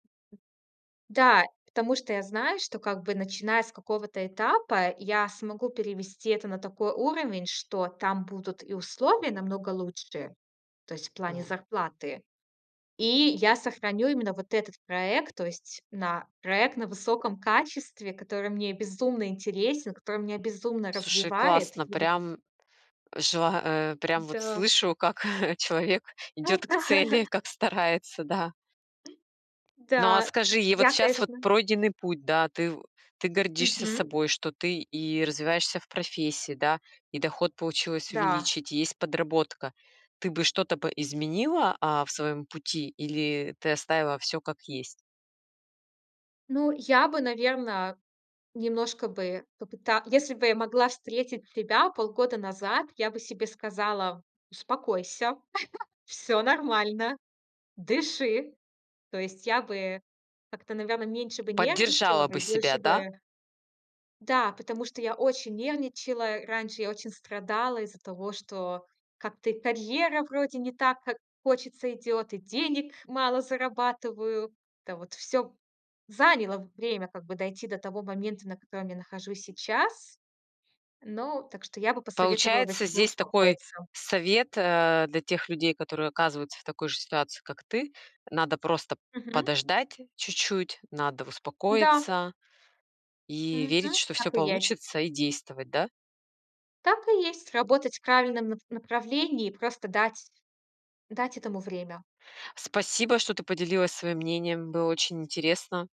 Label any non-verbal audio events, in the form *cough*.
Да, потому что я знаю, что, как бы, начиная с какого-то этапа, я смогу перевести это на такой уровень, что там будут и условия намного лучше, то есть в плане М. зарплаты. И я сохраню именно вот этот проект. То есть на проект на высоком качестве, который мне безумно интересен, который меня безумно Слушай, развивает. И классно, вот прям жела а, прям вот М-да. слышу, как, э, человек идёт к Да. цели, как старается, да. Ну, а Да. Так скажи, и что вот я, сейчас вот конечно пройденный путь, да, ты в ты гордишься Мгм. собой, что ты и развиваешься в профессии, да, и доход получилось Да. увеличить, есть подработка. Ты бы что-то бы изменила, а, в своём пути или ты оставила всё как есть? Ну, я бы, наверно, немножко бы попыта если бы я могла встретить тебя полгода назад, я бы себе сказала: "Успокойся. *chuckles* Всё нормально. Дыши". То есть я бы как-то, наверное, меньше бы нервничала Поддержала бы, бы и себя, больше да? бы Да, потому что я очень нервничала. Раньше я очень страдала из-за того, что как-то и карьера вроде не так, как хочется, идет, и денег мало зарабатываю. Это вот всё заняло время, как бы дойти до того момента, на котором я нахожусь сейчас. Но Так что я бы посоветовала бы Получается, тебе здесь такой успокоиться. совет, э, для тех людей, которые оказываются в такой же ситуации, как ты. Надо просто Мгм. подождать чуть-чуть, надо Да. успокоиться и верить, Мгм. что всё Так и есть. получится, и действовать, да? Так и есть. Работать в правильном нап направлении и просто дать дать этому время. Спасибо, что ты поделилась своим мнением, было очень интересно.